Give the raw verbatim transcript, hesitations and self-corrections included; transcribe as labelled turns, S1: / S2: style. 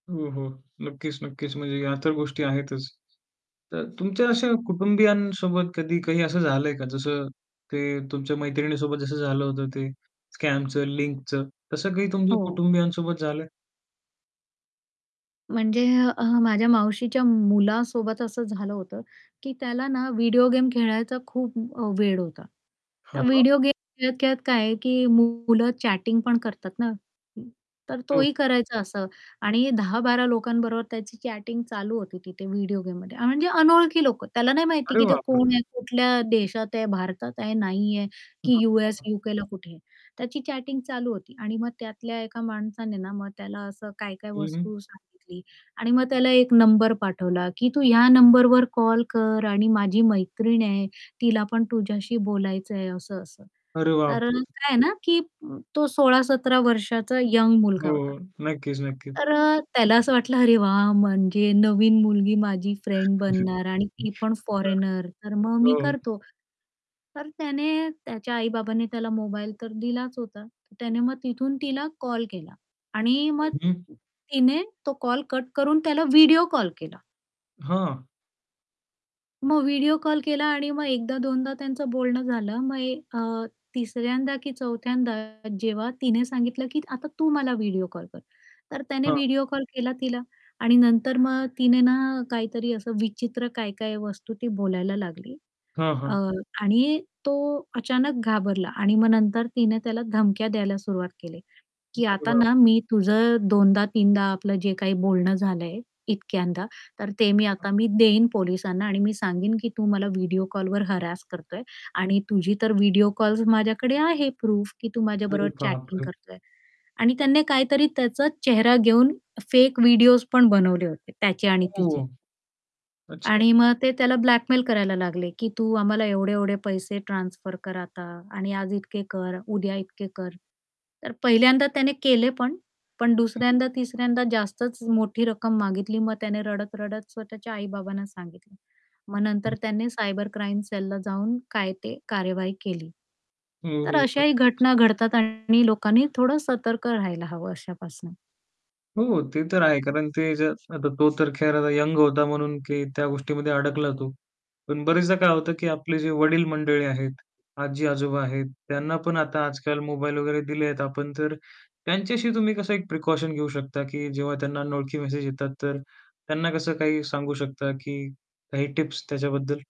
S1: हो, हो. नक्कीच, नक्कीच. म्हणजे या तर गोष्टी आहेतच. तर तुमच्या अशा कुटुंबियांसोबत कधी काही असं झालंय का? जसं ते तुमच्या मैत्रिणीसोबत जसं झालं होतं ते स्कॅमचं, लिंकचं. तसं काही तुमच्या
S2: हो.
S1: कुटुंबियांसोबत झालंय?
S2: म्हणजे अ, माझ्या मावशीच्या मुलासोबत असं झालं होतं की त्याला ना, व्हिडिओ गेम खेळायचा खूप अ, वेड होता. तर
S1: हां.
S2: व्हिडिओ गेम खेळत-खेळत काय आहे की मुलं चॅटिंग पण करतात ना, तर
S1: हं.
S2: तोही करायचा असं आणि दहा बारा लोकांबरोबर त्याची चॅटिंग चालू होती तिथे व्हिडिओ गेममध्ये अ, म्हणजे अनोळखी लोक. त्याला नाही माहिती
S1: अरे
S2: की ते
S1: बापरे!
S2: कोण आहे, कुठल्या देशात आहे, भारतात आहे, नाहीये, की यूएस,
S1: [unintelligible]
S2: यूकेला कुठे. त्याची चॅटिंग चालू होती आणि मग त्यातल्या एका माणसाने ना, मग त्याला असं काय-काय
S1: हं, हं.
S2: वस्तू सांगितली आणि मग त्याला एक नंबर पाठवला की तू ह्या नंबरवर कॉल कर आणि माझी मैत्रीण आहे, तिला पण तुझ्याशी बोलायचंय असं-असं.
S1: अरे
S2: तर अ,
S1: बापरे!
S2: काय आहे ना, की तो सोळा सतरा वर्षाचा यंग मुलगा
S1: हो,
S2: होता.
S1: नक्कीच, नक्कीच.
S2: तर अ, त्याला असं वाटलं, "अरे वाह! म्हणजे नवीन मुलगी माझी फ्रेंड बनणार आणि ती पण फॉरेनर, तर मग
S1: [unintelligible]
S2: मी
S1: हो.
S2: करतो." तर त्याने त्याच्या आई-बाबांनी त्याला मोबाईल तर दिलाच होता. तर त्याने मग तिथून तिला कॉल केला आणि मग
S1: हं, हं.
S2: तिने तो कॉल कट करून त्याला व्हिडिओ कॉल केला.
S1: हां.
S2: मग व्हिडिओ कॉल केला आणि मग एकदा-दोनदा त्यांचं बोलणं झालं मग ए अ, तिसऱ्यांदा की चौथ्यांदा जेव्हा तिने सांगितलं की आता तू मला व्हिडिओ कॉल कर, तर त्याने
S1: हां.
S2: व्हिडिओ कॉल केला तिला आणि नंतर मग तिने ना, काहीतरी असं विचित्र काय-काय वस्तू ती बोलायला लागली.
S1: हां,
S2: अ,
S1: हां.
S2: आणि तो अचानक घाबरला आणि मग नंतर तिने त्याला धमक्या द्यायला सुरुवात केली. की
S1: अरे
S2: आता ना,
S1: बापरे!
S2: मी तुझं दोनदा, तीनदा आपलं जे काही बोलणं झालंय, इतक्यांदा, तर ते मी
S1: [unintelligible]
S2: आता मी देईन पोलिसांना आणि मी सांगीन की तू मला व्हिडिओ कॉलवर हॅरॅस करतोय आणि तुझी तर व्हिडिओ कॉल्स माझ्याकडे आहे प्रूफ की तू
S1: अरे
S2: माझ्याबरोबर चॅटिंग
S1: बापरे!
S2: करतोय. आणि त्याने काहीतरी त्याचा चेहरा घेऊन फेक व्हिडिओस पण बनवले होते त्याचे आणि तिचे.
S1: ओह! अच्छा.
S2: आणि मग ते त्याला ब्लॅकमेल करायला लागले की तू आम्हाला एवढे-एवढे पैसे ट्रान्सफर कर आता आणि आज इतके कर, उद्या इतके कर. तर पहिल्यांदा त्याने केले पण, पण
S1: हं, हं.
S2: दुसऱ्यांदा-तिसऱ्यांदा जास्तच मोठी रक्कम मागितली, मग त्याने रडत-रडत स्वतःच्या आई-बाबांना सांगितलं. मग
S1: हं.
S2: नंतर त्यांनी सायबर क्राईम सेलला जाऊन काय ते कार्यवाही केली.
S1: हो,
S2: तर
S1: हो.
S2: अशाही
S1: नक्कीच.
S2: घटना घडतात आणि लोकांनी थोडं सतर्क राहायला हवं अशापासून.
S1: हो, ते तर आहे, कारण ते जर आता तो तर खैर यंग होता म्हणून की त्या गोष्टीमध्ये अडकला तु. पण बऱ्याचदा काय होतं की आपले जे वडील मंडळी आहेत, आजी-आजोबा आहेत त्यांना पण आता आजकाल मोबाईल वगैरे दिलेत आपण तर त्यांच्याशी तुम्ही कसं एक प्रिकॉशन घेऊ शकता की जेव्हा त्यांना अनोळखी मेसेज येतात, तर त्यांना कसं काही सांगू शकता की काही टिप्स त्याच्याबद्दल?